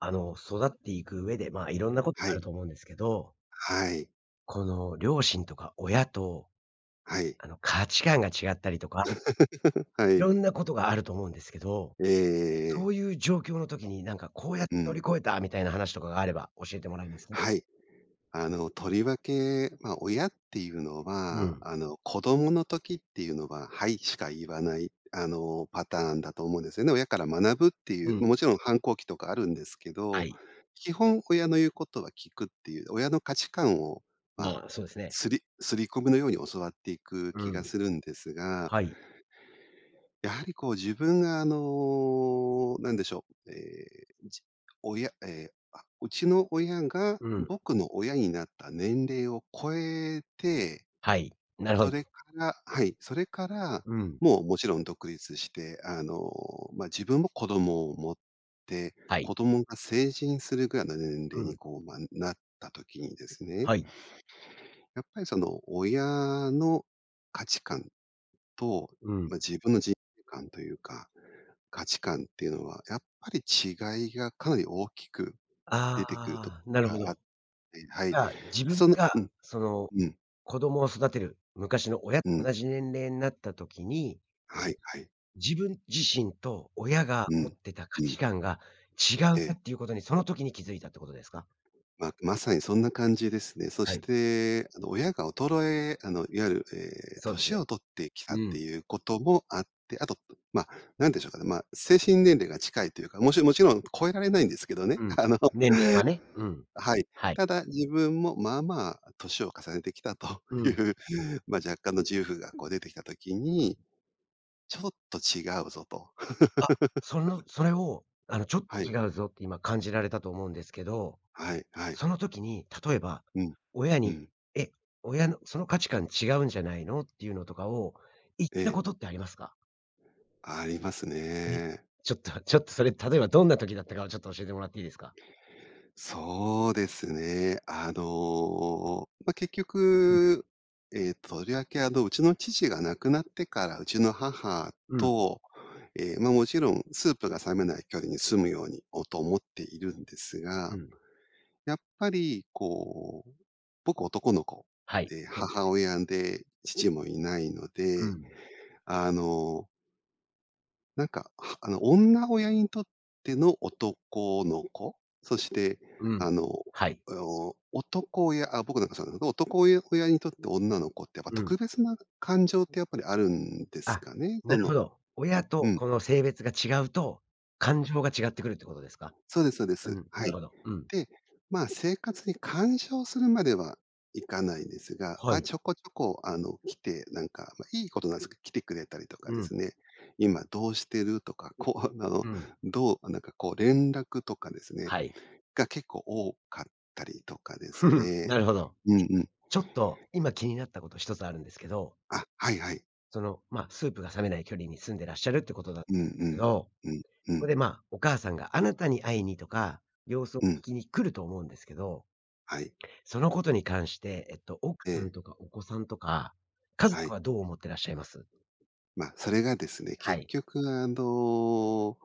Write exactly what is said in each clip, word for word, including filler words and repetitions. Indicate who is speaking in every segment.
Speaker 1: あの、育っていく上で、まあ、いろんなこと
Speaker 2: は
Speaker 1: があ
Speaker 2: い。
Speaker 1: ると思うんですけど
Speaker 2: はい。
Speaker 1: この両親とか親と、
Speaker 2: はい。
Speaker 1: あの、価値観が違ったりとか、
Speaker 2: は
Speaker 1: い
Speaker 2: い。
Speaker 1: ろんなことがあると思うんですけど、
Speaker 2: えええええ
Speaker 1: そ
Speaker 2: え。
Speaker 1: ういう状況の時に、なんか、こうやって
Speaker 2: う
Speaker 1: 乗
Speaker 2: ん。
Speaker 1: り越えたみたいな話とかがあれば教えてもらえますか？
Speaker 2: はい。あの、とりわけ、ま、親っていうの
Speaker 1: う
Speaker 2: は、
Speaker 1: ん。
Speaker 2: あの、子供の時っていうのは「はい」しか言わない、あの、パターンだと思うんですよね。親から学ぶってい
Speaker 1: う
Speaker 2: う、
Speaker 1: ん。
Speaker 2: もちろん反抗期とかあるんですけ
Speaker 1: は
Speaker 2: ど、
Speaker 1: い。
Speaker 2: 基本親の言うことは聞くっていう、親の価値観をまあ、
Speaker 1: まあ、そうですね。
Speaker 2: 刷り刷り込みのように教わっていく
Speaker 1: う
Speaker 2: 気が
Speaker 1: ん。
Speaker 2: するんですが
Speaker 1: はい。
Speaker 2: やはりこう、自分があの、なんでしょう。ええ、じ親ええ、あうちの親が
Speaker 1: うん。
Speaker 2: 僕の親になった年齢を超えて、
Speaker 1: はい、なるほ
Speaker 2: そ
Speaker 1: ど。
Speaker 2: れからはい。それから、
Speaker 1: うん。
Speaker 2: もう、もちろん独立して、あの、まあ、自分も子供を持って、
Speaker 1: はい。
Speaker 2: 子供が成人するぐらいの年
Speaker 1: う
Speaker 2: 齢に、
Speaker 1: ん。
Speaker 2: こう、まあ、なった時にですね
Speaker 1: はい。
Speaker 2: やっぱりその、親の価値観と、
Speaker 1: うん。
Speaker 2: ま、自分の人生観というか、価値観っていうのは、やっぱり違いがかなり大きく出てくると
Speaker 1: ああ、なる
Speaker 2: こ
Speaker 1: ほど。
Speaker 2: が
Speaker 1: じ
Speaker 2: あってはい。
Speaker 1: ゃあ、自分
Speaker 2: その
Speaker 1: が
Speaker 2: うん
Speaker 1: その
Speaker 2: うん。
Speaker 1: 子供を育てる、昔の親と
Speaker 2: うん。
Speaker 1: 同じ年齢になった時に
Speaker 2: はい、はい。
Speaker 1: 自分自身と親が
Speaker 2: う
Speaker 1: 持っ
Speaker 2: ん、
Speaker 1: てた価
Speaker 2: う
Speaker 1: 値
Speaker 2: ん。
Speaker 1: 観が違
Speaker 2: え
Speaker 1: うな
Speaker 2: え。
Speaker 1: っていうことに、その時に気づいたっていうことですか？
Speaker 2: ま、まさにそんな感じですね。そ
Speaker 1: は
Speaker 2: し
Speaker 1: い。
Speaker 2: て、あの、親が衰えあの、いわゆる、ええ、
Speaker 1: そうですね。
Speaker 2: 年を取ってきたっ
Speaker 1: うん。
Speaker 2: ていうこともあって、後、ま、何でしょうかね。まあ、精神年齢が近いというか、もちもちろん超えられないんですけどね。
Speaker 1: うん、
Speaker 2: あの、
Speaker 1: 年齢はね、うん。
Speaker 2: はい。
Speaker 1: はい。
Speaker 2: ただ、自分も、まあまあ年を重ねてきたと
Speaker 1: う
Speaker 2: い
Speaker 1: ん。
Speaker 2: う、まあ、若干の自由がこう出てきた時
Speaker 1: 特に。
Speaker 2: に、ちょっと違うぞと。
Speaker 1: あ、その それを、あのちょっ
Speaker 2: は
Speaker 1: と
Speaker 2: い。
Speaker 1: 違うぞって今感じられたと思うんですけど、
Speaker 2: はい、はい。
Speaker 1: その時に、例えば
Speaker 2: うん、
Speaker 1: 親
Speaker 2: うん。
Speaker 1: に、え、親のその価値観違うんじゃないのっていうのとかを、言った
Speaker 2: ええ。
Speaker 1: ことってありますか？
Speaker 2: あります
Speaker 1: え。
Speaker 2: ね。
Speaker 1: ちょっとちょっとそれ、例えばどんな時だったかをちょっと教えてもらっていいですか？
Speaker 2: そうですね。あの、ま、結
Speaker 1: うん。
Speaker 2: 局、ええ、とりわけあの、うちの父が亡くなってからうちの母
Speaker 1: うん。
Speaker 2: と、ええ、ま、もちろんスープが冷めない距離に住むようにをと思っているんですが。
Speaker 1: うん。
Speaker 2: やっぱり、こう、僕男の子
Speaker 1: はい、
Speaker 2: で、
Speaker 1: そうです
Speaker 2: 母
Speaker 1: ね。
Speaker 2: 親で父もいないの
Speaker 1: う
Speaker 2: で、
Speaker 1: ん。
Speaker 2: あのなんか、あの、女親にとっての男の子。そして
Speaker 1: うん。
Speaker 2: あの、
Speaker 1: はい。
Speaker 2: おお、男親あ、僕なんかそうだけど、男親親にとって女の子ってやっぱ
Speaker 1: うん。
Speaker 2: 特別な感情ってやっぱりあるんです
Speaker 1: あ、
Speaker 2: かね。
Speaker 1: な
Speaker 2: そ
Speaker 1: るほ
Speaker 2: の
Speaker 1: ど。親
Speaker 2: う
Speaker 1: と
Speaker 2: ん。
Speaker 1: 子の性別が違うと、感情が違ってくるってことですか？
Speaker 2: そうですそうで
Speaker 1: うん。
Speaker 2: す。は
Speaker 1: な
Speaker 2: い。
Speaker 1: るほど。うん。
Speaker 2: で、ま、生活に干渉するまではいかないんですが、
Speaker 1: は
Speaker 2: ま、
Speaker 1: い。
Speaker 2: ちょこちょこあの、来てなんかま、良いことなんですけど、来てくれたりとか
Speaker 1: う
Speaker 2: で
Speaker 1: ん。
Speaker 2: すね「今どうしてる」とか、こうあの、
Speaker 1: うん。
Speaker 2: どうなんかこう、連絡とかですね。
Speaker 1: はい。
Speaker 2: が、結構多かったりとかです ね
Speaker 1: なるほど。
Speaker 2: う
Speaker 1: え、
Speaker 2: んうん。
Speaker 1: ちょっと今気になったことひとつあるんですけど。
Speaker 2: あ、はいはい。
Speaker 1: その、まあ、スープが冷めない距離に住んでらっしゃるっていうことだ
Speaker 2: うんう
Speaker 1: [unintelligible] け
Speaker 2: ん、
Speaker 1: ど、
Speaker 2: うん、う
Speaker 1: そこ
Speaker 2: ん。
Speaker 1: で、まあ、お母さんがあなたに会いにとか、様子を
Speaker 2: うん。
Speaker 1: 聞きに来ると思うんですけど。
Speaker 2: はい。
Speaker 1: そのことに関して、えっと、奥さ
Speaker 2: え
Speaker 1: ん
Speaker 2: え。
Speaker 1: とか、お子さんとか、家
Speaker 2: は
Speaker 1: 族
Speaker 2: い。
Speaker 1: はどう思ってらっしゃいます？
Speaker 2: まあ、それがですね、
Speaker 1: は
Speaker 2: 結
Speaker 1: い。
Speaker 2: 局あの、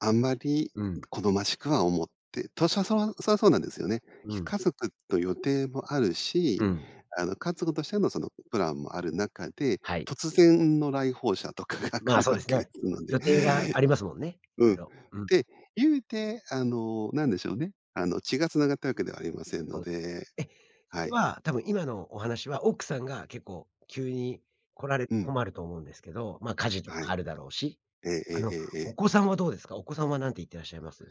Speaker 2: あんまり
Speaker 1: うん。
Speaker 2: 好ましくは思ってたしょうそわそれはそうなんですよね。
Speaker 1: うん。
Speaker 2: 家族と予定もある
Speaker 1: う
Speaker 2: し、
Speaker 1: ん。
Speaker 2: あの、家族としてのそのプランもある中で、
Speaker 1: はい。
Speaker 2: 突然の来訪者とかが来
Speaker 1: ま、
Speaker 2: る
Speaker 1: そう
Speaker 2: わ
Speaker 1: です
Speaker 2: けで
Speaker 1: ね。
Speaker 2: すので。
Speaker 1: 予定がありますもんね。
Speaker 2: う
Speaker 1: あ
Speaker 2: ん。
Speaker 1: のうん。
Speaker 2: で、言うて、あの、なんでしょうね。あの、血が繋がったわけではありませんの
Speaker 1: そうですね。
Speaker 2: で、
Speaker 1: え、そ
Speaker 2: は
Speaker 1: れ
Speaker 2: い。
Speaker 1: は多分、今のお話は奥さんが結構、急に来られ、
Speaker 2: うん。
Speaker 1: 困ると思うんですけど、まあ、家事と
Speaker 2: は
Speaker 1: か
Speaker 2: い。
Speaker 1: あるだろうし。
Speaker 2: えええ
Speaker 1: あ
Speaker 2: え
Speaker 1: の、
Speaker 2: ええええ。
Speaker 1: お子さんはどうですか？お子さんは何て言っていらっしゃいます？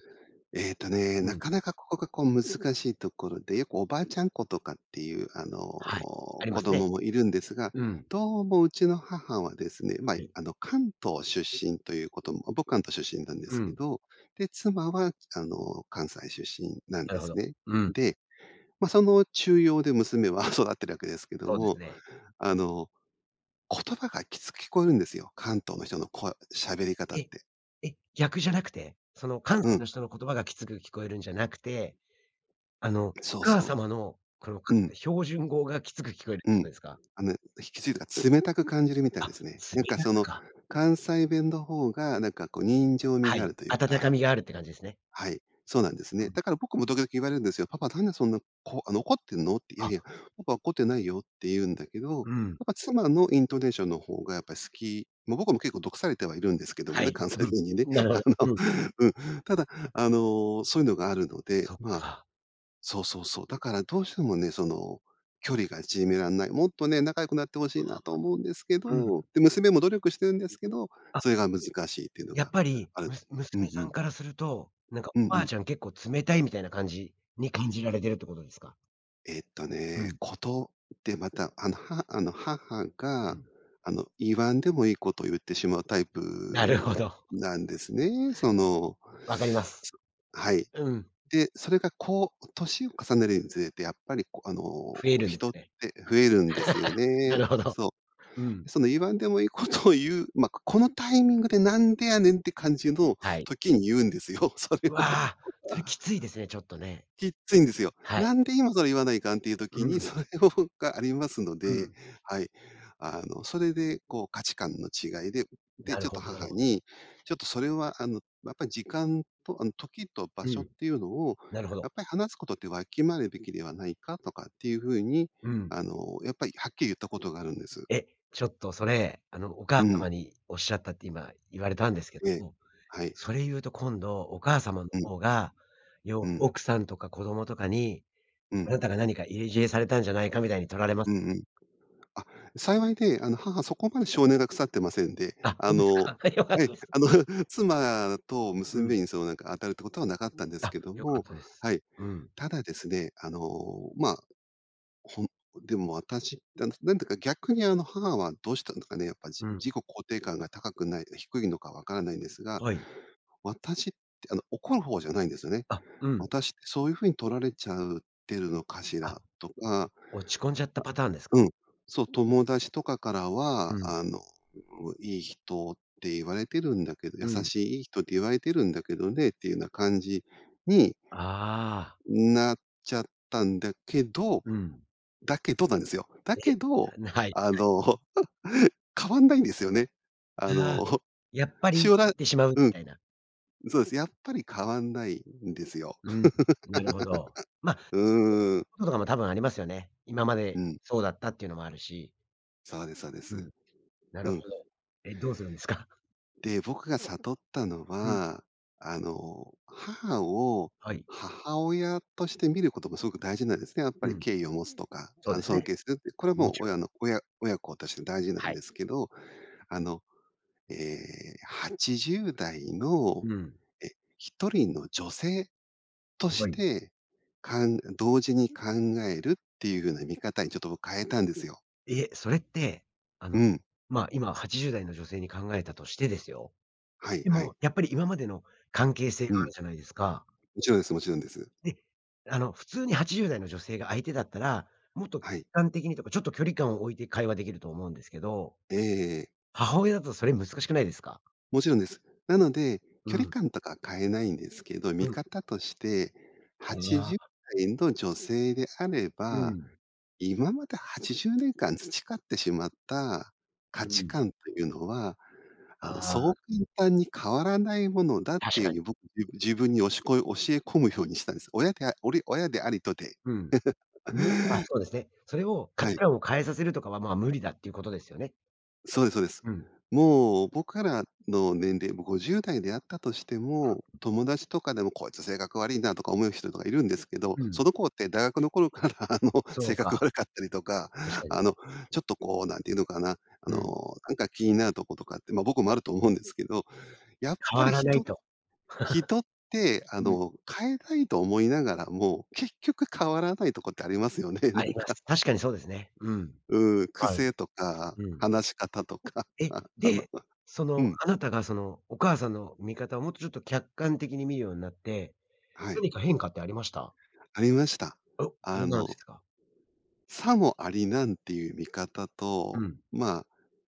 Speaker 2: えっとね、
Speaker 1: う
Speaker 2: な
Speaker 1: ん。
Speaker 2: かなか、ここが、こう難しいところで、よくおばあちゃん子とかっていうあの、
Speaker 1: はい、ありま
Speaker 2: 子
Speaker 1: す
Speaker 2: 供
Speaker 1: ね。
Speaker 2: もいるんですが、
Speaker 1: うん。
Speaker 2: どうもうちの母はですね。ま、
Speaker 1: はい。
Speaker 2: あの、関東出身ということも、僕は関東出身なんで
Speaker 1: う
Speaker 2: すけ
Speaker 1: ん。
Speaker 2: ど。で、妻はあの、関西出身なん
Speaker 1: なる
Speaker 2: で
Speaker 1: ほ
Speaker 2: す
Speaker 1: ど。
Speaker 2: ね。
Speaker 1: うん。
Speaker 2: で、ま、その中庸で娘は育っているわけですけれど
Speaker 1: そうです
Speaker 2: も。
Speaker 1: ね。
Speaker 2: あの、言葉がきつく聞こえるんですよ、関東の人の声喋り方っ
Speaker 1: え、
Speaker 2: て。
Speaker 1: え、逆じゃなくて？その、関
Speaker 2: う
Speaker 1: 西
Speaker 2: ん。
Speaker 1: の人の言葉がきつく聞こえるんじゃなくて、あの、お
Speaker 2: そう
Speaker 1: 母
Speaker 2: そ
Speaker 1: 様の、この、か
Speaker 2: う。うん。
Speaker 1: 標準語がきつく聞こえる
Speaker 2: う
Speaker 1: こと
Speaker 2: ん、
Speaker 1: ですか？
Speaker 2: あの、ひ、きついとか、冷たく感じるみたい
Speaker 1: あ、
Speaker 2: ですね。なん
Speaker 1: 冷
Speaker 2: か
Speaker 1: た
Speaker 2: そ
Speaker 1: く
Speaker 2: の
Speaker 1: か。
Speaker 2: 関西弁の方が、なんかこう、人情味
Speaker 1: は
Speaker 2: があ
Speaker 1: い、
Speaker 2: るという
Speaker 1: 温か
Speaker 2: か
Speaker 1: みがあるっていう感じですね。
Speaker 2: はい、そうなんです
Speaker 1: う
Speaker 2: ね。
Speaker 1: ん。
Speaker 2: だから僕も時々言われるんですよ。パパ何でそんな、こうあの、怒っているのって。いや
Speaker 1: あ。
Speaker 2: いや、パパは怒ってないよって言うんだけど、やっ
Speaker 1: うん。
Speaker 2: ぱ妻のイントネーションの方がやっぱり好きまあ、僕も結構毒されてはいるんですけども
Speaker 1: は
Speaker 2: ね、
Speaker 1: い。
Speaker 2: 関西
Speaker 1: うん。
Speaker 2: 弁にね。
Speaker 1: なるほ
Speaker 2: あ
Speaker 1: ど。
Speaker 2: の、
Speaker 1: うん。
Speaker 2: うん。ただあの、そういうのがあるので、
Speaker 1: そっ
Speaker 2: まあ
Speaker 1: か。
Speaker 2: そうそうそう。だからどうしてもね、その、距離が縮められない。もっとね、仲良くなって欲しいなと
Speaker 1: [unintelligible]
Speaker 2: 思うんですけ
Speaker 1: うん。
Speaker 2: ど、で、娘も努力しているんですけど、
Speaker 1: あ。
Speaker 2: それが難しいって言うの
Speaker 1: やっ
Speaker 2: が
Speaker 1: ぱり、
Speaker 2: ある。
Speaker 1: むす
Speaker 2: う
Speaker 1: 娘
Speaker 2: んう
Speaker 1: さん
Speaker 2: ん。
Speaker 1: からすると、なんか
Speaker 2: うん
Speaker 1: おば
Speaker 2: う
Speaker 1: あ
Speaker 2: ん。
Speaker 1: ちゃん結構冷たいみたいな感じに感じられているってことですか？
Speaker 2: えっと
Speaker 1: う
Speaker 2: ね、
Speaker 1: ん。
Speaker 2: ことでまた、あの、はあの、母
Speaker 1: う
Speaker 2: が、
Speaker 1: ん。
Speaker 2: あの、言わんでもいいことを言ってしまうタイ
Speaker 1: なるほ
Speaker 2: プ
Speaker 1: ど。
Speaker 2: なんですね。その、
Speaker 1: 分かります。
Speaker 2: そはい。
Speaker 1: うん。
Speaker 2: で、それがこう年を重ねるにつれてやっぱりこ、あの、
Speaker 1: 増えるんです
Speaker 2: 人っ
Speaker 1: ね。
Speaker 2: て増えるんですよ
Speaker 1: な
Speaker 2: ね。
Speaker 1: るほど。
Speaker 2: そ
Speaker 1: うん。
Speaker 2: う。その言わんでもいいことを言う、ま、このタイミングで「何でやねん」て感じの
Speaker 1: はい。
Speaker 2: 時に言うんですよ、それを。
Speaker 1: わ、それきついですね。ちょっとね。
Speaker 2: きっついんですよ。
Speaker 1: は
Speaker 2: 「な
Speaker 1: い。
Speaker 2: んで今それ言わないかん」ていう
Speaker 1: う
Speaker 2: 時に、
Speaker 1: ん。
Speaker 2: それをがありますの
Speaker 1: う
Speaker 2: で、
Speaker 1: ん。
Speaker 2: はい。あの、それでこう価値観の違いで、で、
Speaker 1: なる
Speaker 2: ちょっと
Speaker 1: ほ
Speaker 2: 母
Speaker 1: ど。
Speaker 2: に、ちょっとそれはあの、やっぱ時間とあの、時と場
Speaker 1: う
Speaker 2: 所っ
Speaker 1: ん。
Speaker 2: ていうのを
Speaker 1: なるほ
Speaker 2: や
Speaker 1: ど。
Speaker 2: っぱり話すことってわきまえるべきではないか、とかっていう風に
Speaker 1: うん。
Speaker 2: あの、やっぱりはっきり言ったことがあるんです。
Speaker 1: え、ちょっとそれ、あのお母
Speaker 2: うん。
Speaker 1: 様におっしゃったって今言われたんですけど
Speaker 2: ええ、
Speaker 1: も、
Speaker 2: はい。
Speaker 1: それ言うと今度、お母様の
Speaker 2: うん。
Speaker 1: 方がにょ
Speaker 2: うん。
Speaker 1: 奥さんとか子供とかに
Speaker 2: う
Speaker 1: 「あ
Speaker 2: ん。
Speaker 1: なたが何か入れ知恵されたんじゃないか」みたいに取られます？
Speaker 2: うんうん。あ、幸いで、あの、母そこまで性根が腐ってませんで。
Speaker 1: あ、
Speaker 2: あ
Speaker 1: そうです
Speaker 2: の、
Speaker 1: か。はい、よかっ
Speaker 2: ええ、
Speaker 1: たです。
Speaker 2: あの、妻と
Speaker 1: うん。
Speaker 2: 娘に、そうなんか当たるってことはなかったんです
Speaker 1: あ、
Speaker 2: けど
Speaker 1: 良かっ
Speaker 2: も、
Speaker 1: たです。
Speaker 2: はい。
Speaker 1: うん。
Speaker 2: ただですね、あの、ま、ほんでも、私って、なんだか逆にあの母は、どうしたんだかね、やっぱ自
Speaker 1: うん。
Speaker 2: 己肯定感が高くない、低いのか分からないんですが、
Speaker 1: はい。
Speaker 2: 「私って」あの、怒る方じゃないんですよね
Speaker 1: あ、うん。
Speaker 2: 「私ってそういう風に取られちゃうってるのかし
Speaker 1: あ、
Speaker 2: ら」とか、あ、
Speaker 1: 落ち込んじゃったパターンですか？
Speaker 2: うん。そう「友達とかから
Speaker 1: う
Speaker 2: は、
Speaker 1: ん。
Speaker 2: あの、良い人って言われているんだけど、優
Speaker 1: うん。
Speaker 2: しい良い人って言われているんだけどね」っていうような感じに
Speaker 1: ああ。
Speaker 2: なっちゃったんだけど、
Speaker 1: うん。
Speaker 2: だけどなんですよ。だけ
Speaker 1: え、
Speaker 2: ど、
Speaker 1: な、はい、
Speaker 2: あ
Speaker 1: はい。
Speaker 2: の、変わんないんですよね。あ
Speaker 1: ああ、
Speaker 2: の、
Speaker 1: やっぱり
Speaker 2: し
Speaker 1: 言
Speaker 2: おら
Speaker 1: ってしまうみ
Speaker 2: うん。
Speaker 1: たいな。
Speaker 2: そうですね。やっぱり変わんないんですよ。
Speaker 1: うん、なるほど。ま、年 齢
Speaker 2: うーん。
Speaker 1: のこととかも多分ありますよね。今ま
Speaker 2: う
Speaker 1: で
Speaker 2: ん。
Speaker 1: そうだったっていうのもあるし。
Speaker 2: そうですそうで
Speaker 1: う
Speaker 2: す。
Speaker 1: ん。なる
Speaker 2: う
Speaker 1: ほ
Speaker 2: ん。
Speaker 1: ど。え、どうするんですか？
Speaker 2: で、僕が悟ったの
Speaker 1: うん。
Speaker 2: は、あの、母を
Speaker 1: はい。
Speaker 2: 母親として見ることもすごく大事なんですね。やっぱ
Speaker 1: う
Speaker 2: り
Speaker 1: ん。
Speaker 2: 敬意を持つとか、
Speaker 1: そ
Speaker 2: あ
Speaker 1: う
Speaker 2: の、
Speaker 1: です
Speaker 2: 尊
Speaker 1: ね。
Speaker 2: 敬するって、これ
Speaker 1: も
Speaker 2: もう
Speaker 1: ちろ
Speaker 2: 親
Speaker 1: ん。
Speaker 2: の親親子として大事なん
Speaker 1: はい。
Speaker 2: ですけど。あの、ええ、はちじゅうだいの、
Speaker 1: うん。
Speaker 2: え、ひとりの女性と
Speaker 1: は
Speaker 2: し
Speaker 1: い。
Speaker 2: て、かん同時に考えるっていう風な見方にちょっと僕変えたんですよ。
Speaker 1: え、それって、あ
Speaker 2: う
Speaker 1: の、
Speaker 2: ん。
Speaker 1: ま、今はちじゅうだいの女性に考えたとしてですよ。
Speaker 2: はい
Speaker 1: で
Speaker 2: はい。
Speaker 1: もやっぱり今までの関係性
Speaker 2: う
Speaker 1: がある
Speaker 2: ん。
Speaker 1: じゃないですか？
Speaker 2: もちろんですもちろんです。
Speaker 1: で、あの、普通にはちじゅうだいの女性が相手だったら、もっと客
Speaker 2: はい。
Speaker 1: 観的にとか、ちょっと距離感を置いて会話できると思うんですけど、
Speaker 2: えええ。
Speaker 1: 母親だとそれ難しくないですか？
Speaker 2: もちろんです。なので
Speaker 1: う
Speaker 2: 距離
Speaker 1: ん。
Speaker 2: 感とか変えないんですけど、
Speaker 1: う
Speaker 2: 見
Speaker 1: ん。
Speaker 2: 方として、
Speaker 1: あ
Speaker 2: はちじゅっ
Speaker 1: あ。
Speaker 2: さいの女性であれ
Speaker 1: う
Speaker 2: ば、
Speaker 1: ん。
Speaker 2: 今まではちじゅうねんかん培ってしまった価
Speaker 1: う
Speaker 2: 値
Speaker 1: ん。
Speaker 2: 観というのは、
Speaker 1: あ
Speaker 2: あの、そう
Speaker 1: あ。
Speaker 2: 簡単に変わらないものだって
Speaker 1: 確かに。
Speaker 2: いう、僕、自分におしこ教え込むようにしたんです。親でおり親でありとて。
Speaker 1: うん。無理、あ、そうですね。それを価
Speaker 2: は
Speaker 1: 値
Speaker 2: い。
Speaker 1: 観を変えさせるとかは、ま、無理だっていうことですよね。
Speaker 2: そうですそうです。
Speaker 1: うん。
Speaker 2: もう、僕らの年齢、も、ごじゅうだいであったとしても、
Speaker 1: うん。
Speaker 2: 友達とかでも、こいつ性格わりいな、とか思う人とかいるんですけど、
Speaker 1: う
Speaker 2: そ
Speaker 1: ん。
Speaker 2: の子って大学の頃から、あの、
Speaker 1: そ
Speaker 2: 性
Speaker 1: う
Speaker 2: 格
Speaker 1: か。
Speaker 2: 悪かったりとか、
Speaker 1: 確かに。
Speaker 2: あの、ちょっとこう、なんて言うのかな。あ
Speaker 1: うん。
Speaker 2: の、なんか気になるとことかって、ま、僕もあると思うんですけど、やっ
Speaker 1: 変
Speaker 2: ぱ
Speaker 1: わ
Speaker 2: り
Speaker 1: らない
Speaker 2: 人
Speaker 1: と。
Speaker 2: 人ってあ
Speaker 1: うん。
Speaker 2: の、変えたいと思いながらも結局変わらないとこってありますよね。な
Speaker 1: あり
Speaker 2: ん
Speaker 1: ま
Speaker 2: か。
Speaker 1: す。確かにそうですね、うん。
Speaker 2: うーん。
Speaker 1: はい。
Speaker 2: 癖とか
Speaker 1: うん。
Speaker 2: 話し方とか、
Speaker 1: え。
Speaker 2: ああの
Speaker 1: で、そ
Speaker 2: う
Speaker 1: の、
Speaker 2: ん。
Speaker 1: あなたがその、お母さんの見方をもっとちょっと客観的に見るようになって、
Speaker 2: は
Speaker 1: な
Speaker 2: い。
Speaker 1: にか変化ってありました？
Speaker 2: ありました。
Speaker 1: お。
Speaker 2: あ
Speaker 1: どんなのでし
Speaker 2: の
Speaker 1: たか？
Speaker 2: さもありなんっていう見方
Speaker 1: う
Speaker 2: と、
Speaker 1: ん。
Speaker 2: まあ、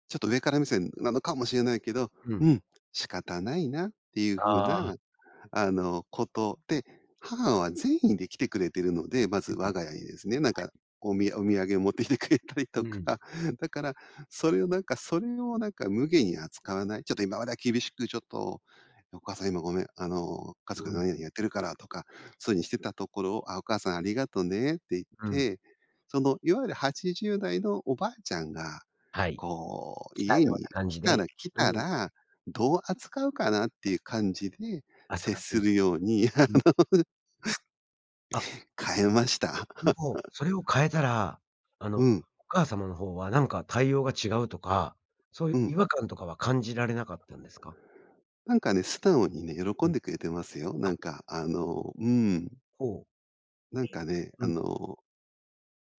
Speaker 2: ちょっと上から目線なのかもしれないけど、
Speaker 1: う
Speaker 2: う
Speaker 1: ん。
Speaker 2: ん、仕方ないなっていう風
Speaker 1: ああ。
Speaker 2: な、あの、こと。で、母は善意で来てくれてるので、ま
Speaker 1: うう
Speaker 2: ず、
Speaker 1: ん。は
Speaker 2: 我が家にですね。なんか、
Speaker 1: い。
Speaker 2: おみお土産持ってきてくれたりと
Speaker 1: うん。
Speaker 2: か。だからそれをなんかそれをなんか無下に扱わない。ちょっと今までは厳しくちょっと、「お母さん今ごめん、あの、家
Speaker 1: う
Speaker 2: 族がな
Speaker 1: ん。
Speaker 2: になにやってるから」とか、そういうにしてたところを、「あ、お母さんありがとね」って言っ
Speaker 1: うん。
Speaker 2: て、その、いわゆるはちじゅうだいのおばあちゃんが
Speaker 1: はい。
Speaker 2: こう、
Speaker 1: 来たよ
Speaker 2: 家
Speaker 1: う
Speaker 2: に
Speaker 1: な感
Speaker 2: 来
Speaker 1: じ
Speaker 2: た
Speaker 1: で、
Speaker 2: ら来
Speaker 1: う
Speaker 2: た
Speaker 1: ん。
Speaker 2: ら、どう扱うかなっていう感じで
Speaker 1: あつ
Speaker 2: 接
Speaker 1: かって
Speaker 2: す
Speaker 1: ね。
Speaker 2: るようにあ
Speaker 1: うん。
Speaker 2: の
Speaker 1: あ。
Speaker 2: 変えました。
Speaker 1: でも、それを変えたら、あの、
Speaker 2: う
Speaker 1: お
Speaker 2: ん。
Speaker 1: 母様のほうは、なんか対応が違うとかそういう
Speaker 2: うん。
Speaker 1: 違和感とかは感じられなかったんですか？
Speaker 2: なんかね、素直にね、喜
Speaker 1: う
Speaker 2: ん
Speaker 1: ん。
Speaker 2: でくれてますよ。な
Speaker 1: あ。
Speaker 2: んかあの、うん。
Speaker 1: ほう。
Speaker 2: なんかね、
Speaker 1: ええ、
Speaker 2: あ
Speaker 1: うん。
Speaker 2: の、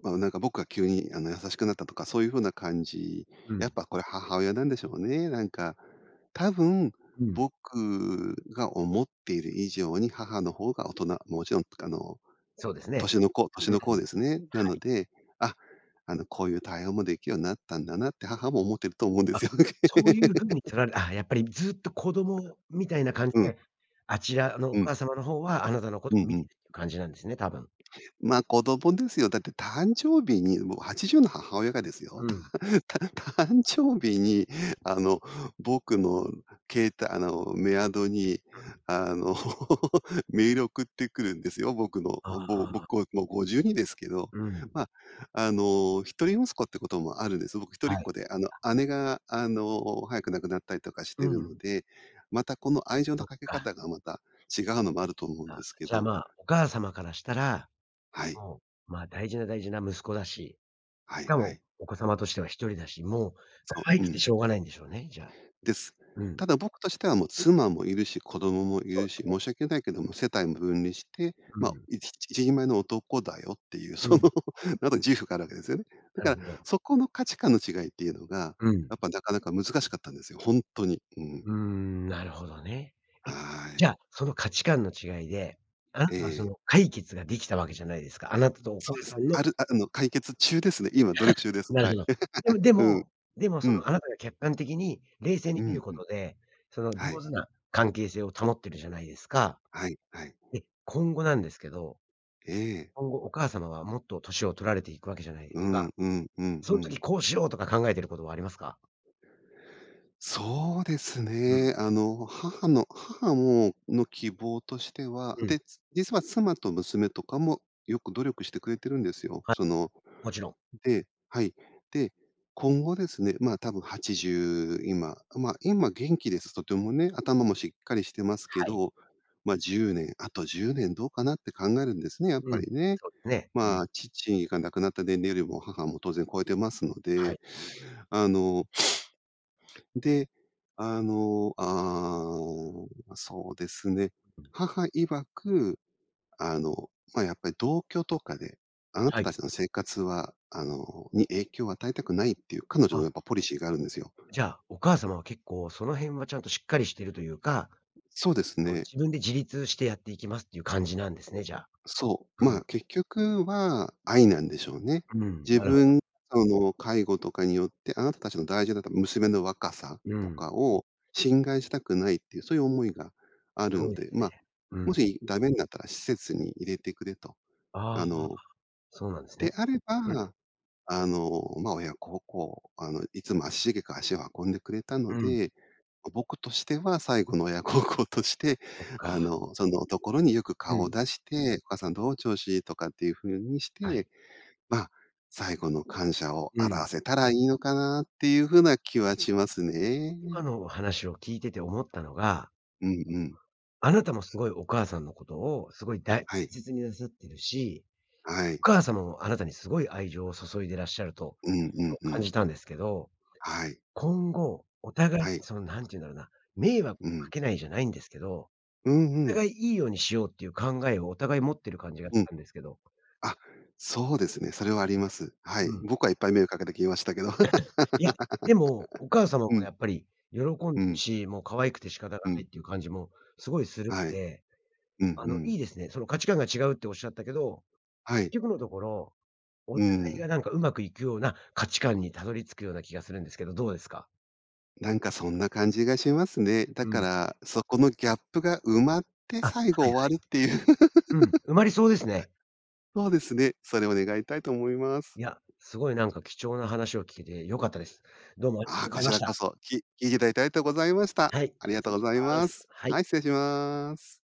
Speaker 2: まあ、なんか僕が急にあの、優しくなったとかそういう風な感じ。
Speaker 1: う
Speaker 2: やっ
Speaker 1: ん。
Speaker 2: ぱこれ母親なんでしょうね。なんか。多分
Speaker 1: うん。
Speaker 2: 僕が思っている以上に母の方が大人、もちろんあの、
Speaker 1: そうですね。
Speaker 2: 年のこう年
Speaker 1: うん。
Speaker 2: のこうです
Speaker 1: は
Speaker 2: ね。なの
Speaker 1: い。
Speaker 2: で、あ、あの、こういう対応もできるようになったんだな、って母も思ってると思うんで
Speaker 1: あ、
Speaker 2: すよね。
Speaker 1: そういう風に 取られあ、やっぱりずっと子供みたいな感じ
Speaker 2: うん。
Speaker 1: で、あちらのお
Speaker 2: うん。
Speaker 1: 母様のほうはあなたのこ
Speaker 2: う
Speaker 1: と
Speaker 2: んう
Speaker 1: 見てい
Speaker 2: ん。
Speaker 1: るっていう感じなんですね、多分。
Speaker 2: ま、子供ですよ。だって誕生日に、もうはちじゅうの母親がですよ。
Speaker 1: うん。
Speaker 2: たんた誕生日にあの、僕の携帯あの、メアドに、
Speaker 1: うん。
Speaker 2: あの、メール送ってくるんですよ。僕の
Speaker 1: あ
Speaker 2: あ、ぼぼ
Speaker 1: あ。
Speaker 2: こ僕、もうごじゅうにですけど、
Speaker 1: うん。
Speaker 2: まあ、あの、一人息子ってこともあるんです。僕一人っ
Speaker 1: は
Speaker 2: 子
Speaker 1: い。
Speaker 2: で、あの、
Speaker 1: あ。
Speaker 2: 姉があの、早く亡くなったりとかし
Speaker 1: う
Speaker 2: てるの
Speaker 1: ん。
Speaker 2: で、またこの愛情の
Speaker 1: そっ
Speaker 2: かけ
Speaker 1: か。
Speaker 2: 方がまた違うのもあると思うん
Speaker 1: あ、
Speaker 2: ですけ
Speaker 1: じゃあ、
Speaker 2: ど。
Speaker 1: まあ、お母様からしたら、
Speaker 2: はい。
Speaker 1: もう、まあ、大事な大事な息子だし、
Speaker 2: は
Speaker 1: し
Speaker 2: い
Speaker 1: か
Speaker 2: は
Speaker 1: も
Speaker 2: い。
Speaker 1: お子様としては、ひとりだし、もう
Speaker 2: そ
Speaker 1: 可愛
Speaker 2: う、う
Speaker 1: くて
Speaker 2: ん。
Speaker 1: しょうがないんでしょうね、じゃあ。
Speaker 2: です。
Speaker 1: うん。
Speaker 2: ただ僕としては、もう妻もいるし子供もい
Speaker 1: そう
Speaker 2: る
Speaker 1: で
Speaker 2: し、
Speaker 1: すね。
Speaker 2: 申し訳ないけども世帯も分離して、
Speaker 1: う
Speaker 2: まあ、
Speaker 1: ん。
Speaker 2: いち一人前の男だよっていう
Speaker 1: う
Speaker 2: その、
Speaker 1: ん。
Speaker 2: なんか自負があるわけですよね。だ
Speaker 1: なる
Speaker 2: か
Speaker 1: ほ
Speaker 2: ら
Speaker 1: ど。
Speaker 2: そこの価値観の違いっていうのが、
Speaker 1: うん。
Speaker 2: やっぱなかなか難しかったんですよ、ほんとに、うん。
Speaker 1: うーん、なるほどね。え、
Speaker 2: は
Speaker 1: じ
Speaker 2: い。
Speaker 1: ゃあその価値観の違いで、あ。
Speaker 2: え
Speaker 1: あ、そ
Speaker 2: え。
Speaker 1: の解決ができたわけじゃないですか、あなたとお
Speaker 2: そ
Speaker 1: 母
Speaker 2: うで
Speaker 1: さ
Speaker 2: す。
Speaker 1: んの
Speaker 2: あるああの、解決中ですね、今、努力中 です。
Speaker 1: なる
Speaker 2: は
Speaker 1: ほ
Speaker 2: い。
Speaker 1: ど。でも で
Speaker 2: うん。
Speaker 1: も、でも
Speaker 2: う
Speaker 1: そ
Speaker 2: ん。
Speaker 1: の、あなたが客観的に冷静
Speaker 2: う
Speaker 1: に見る
Speaker 2: ん
Speaker 1: こ
Speaker 2: うん。
Speaker 1: とで、その、
Speaker 2: は
Speaker 1: 上
Speaker 2: い。
Speaker 1: 手な関係性を保ってるじゃないですか。
Speaker 2: はいはい。
Speaker 1: で、今後なんですけど、
Speaker 2: ええ。
Speaker 1: 今後お母様はもっと年を取られていくわけじゃないです
Speaker 2: う
Speaker 1: か。
Speaker 2: んうんうん
Speaker 1: そ
Speaker 2: う
Speaker 1: の
Speaker 2: ん。
Speaker 1: 時こうしようとか考えていることはありますか？
Speaker 2: そうです
Speaker 1: うん。
Speaker 2: ね。あの、母の母もの、希望としては
Speaker 1: うん。
Speaker 2: で、つ実は妻と娘とかもよく努力してくれてるんですよ。
Speaker 1: は、
Speaker 2: その
Speaker 1: もちろん。
Speaker 2: ではい。で、今後ですね、まあ多分、はちじゅう今、ま、今元気ですとてもね。頭もしっかりしてます
Speaker 1: は
Speaker 2: け
Speaker 1: い。
Speaker 2: ど、ま、じゅうねんあとじゅうねんどうかなって考えるんですね、やっ
Speaker 1: う
Speaker 2: ぱ
Speaker 1: ん、
Speaker 2: りね。
Speaker 1: そうですね。う
Speaker 2: ま
Speaker 1: ん。
Speaker 2: あ、父が亡くなった年齢よりも母も当然超えていますの
Speaker 1: は
Speaker 2: で、
Speaker 1: い。
Speaker 2: あので、あの、ああ、そうですね。母曰く、あの、ま、やっぱり同居とかで、あな
Speaker 1: は
Speaker 2: た
Speaker 1: い。
Speaker 2: たちの生活はあのに影響を与えたくないっていう彼女の
Speaker 1: あ。
Speaker 2: やっぱポリシーがあるんですよ。
Speaker 1: じゃあ、お母様は結構その辺はちゃんとしっかりしてるというか、
Speaker 2: そうです
Speaker 1: こう
Speaker 2: ね。
Speaker 1: 自分で自立してやっていきますっていう感じなんですね、じゃあ。
Speaker 2: そ
Speaker 1: う
Speaker 2: う。まあ、
Speaker 1: ん。
Speaker 2: 結局は愛なんでしょうね。
Speaker 1: うん。
Speaker 2: 自
Speaker 1: なるほど。
Speaker 2: 分その、介護とかによってあなたたちの大事な、だ娘の若さ
Speaker 1: う
Speaker 2: と
Speaker 1: ん。
Speaker 2: かを侵害したくないっていうそういう思いがあ
Speaker 1: す
Speaker 2: る
Speaker 1: ごい
Speaker 2: の
Speaker 1: で
Speaker 2: で、
Speaker 1: す
Speaker 2: ま
Speaker 1: ね。
Speaker 2: あ、
Speaker 1: う
Speaker 2: も
Speaker 1: ん。
Speaker 2: しダメになったら施設に入れてくれと。
Speaker 1: あ
Speaker 2: あ
Speaker 1: あ、
Speaker 2: の、
Speaker 1: そうなんです
Speaker 2: で
Speaker 1: ね。
Speaker 2: あれ
Speaker 1: うん。
Speaker 2: ば、あの、まあ、親孝行あの、いつも足しげく足を運んでくれたの
Speaker 1: うん。
Speaker 2: で、ま、僕としては最後の親孝行として、
Speaker 1: そっ
Speaker 2: あ
Speaker 1: か。
Speaker 2: の、そのところによく
Speaker 1: う
Speaker 2: 顔
Speaker 1: ん。
Speaker 2: 出して、「お母さんどう？調子？」とかっていう風にし
Speaker 1: はい。
Speaker 2: て、まあ、最後の感謝を
Speaker 1: う
Speaker 2: 表
Speaker 1: ん。
Speaker 2: せたらいいのかなっていう風な気はしますね。
Speaker 1: 今の話を聞いてて思ったのが
Speaker 2: うんうん。
Speaker 1: あなたもすごいお母さんのことを、すごいだい
Speaker 2: はい。
Speaker 1: せつになさってるし、
Speaker 2: は
Speaker 1: お
Speaker 2: い。
Speaker 1: 母様もあなたにすごい愛情を注いでらっしゃると
Speaker 2: うん
Speaker 1: いうこ
Speaker 2: うん
Speaker 1: と
Speaker 2: う
Speaker 1: 感
Speaker 2: ん。
Speaker 1: じたんですけど、
Speaker 2: はい。
Speaker 1: 今後お互い
Speaker 2: はい。
Speaker 1: その、なんて言うんだろうな、迷惑
Speaker 2: う
Speaker 1: か
Speaker 2: ん。
Speaker 1: けないじゃないんですけど、
Speaker 2: うんう
Speaker 1: お
Speaker 2: ん。
Speaker 1: 互い、いいようにしようっていう考えをお互い持ってる感じがし
Speaker 2: うん。
Speaker 1: たんですけど。
Speaker 2: あ、そうですね、それはあります。は
Speaker 1: う
Speaker 2: い。
Speaker 1: ん。
Speaker 2: 僕はいっぱい迷惑かけてきましたけど。
Speaker 1: いや、でもお母 様も
Speaker 2: うん。
Speaker 1: やっぱり喜ん
Speaker 2: う
Speaker 1: でる
Speaker 2: ん。
Speaker 1: し、もう可愛くて仕方が
Speaker 2: う
Speaker 1: な
Speaker 2: ん。
Speaker 1: いっていう感じもすごいする
Speaker 2: は
Speaker 1: ん
Speaker 2: い。
Speaker 1: で、
Speaker 2: うん
Speaker 1: あ
Speaker 2: う
Speaker 1: の、
Speaker 2: ん。
Speaker 1: いいですね。その価値観が違うっておっしゃったけど、
Speaker 2: はい。
Speaker 1: 結局のところ、お
Speaker 2: うー
Speaker 1: 互いが
Speaker 2: ん。
Speaker 1: なんか上手くいくような価値観にたどり着くような気がするんですけど、どうですか？
Speaker 2: なんかそんな感じがしますね。だ
Speaker 1: う
Speaker 2: か
Speaker 1: ん。
Speaker 2: ら、そこのギャップが埋まって
Speaker 1: あ、は
Speaker 2: 最後
Speaker 1: い
Speaker 2: 終わるっていう。
Speaker 1: はい。うん。埋まりそうですね。
Speaker 2: そうですね。それを願いたいと思います。
Speaker 1: いや、すごいなんか貴重な話を聞けて良かったです。どうもありが
Speaker 2: あ、
Speaker 1: とご
Speaker 2: こ
Speaker 1: ざい
Speaker 2: ち
Speaker 1: まし
Speaker 2: らこ
Speaker 1: た。
Speaker 2: そ、き聞いていただいてありとうございました。
Speaker 1: はい、
Speaker 2: ありが
Speaker 1: 失
Speaker 2: と
Speaker 1: 礼
Speaker 2: う
Speaker 1: し
Speaker 2: ござい
Speaker 1: ま
Speaker 2: ま
Speaker 1: す。
Speaker 2: す。
Speaker 1: はい。
Speaker 2: はい、失礼します。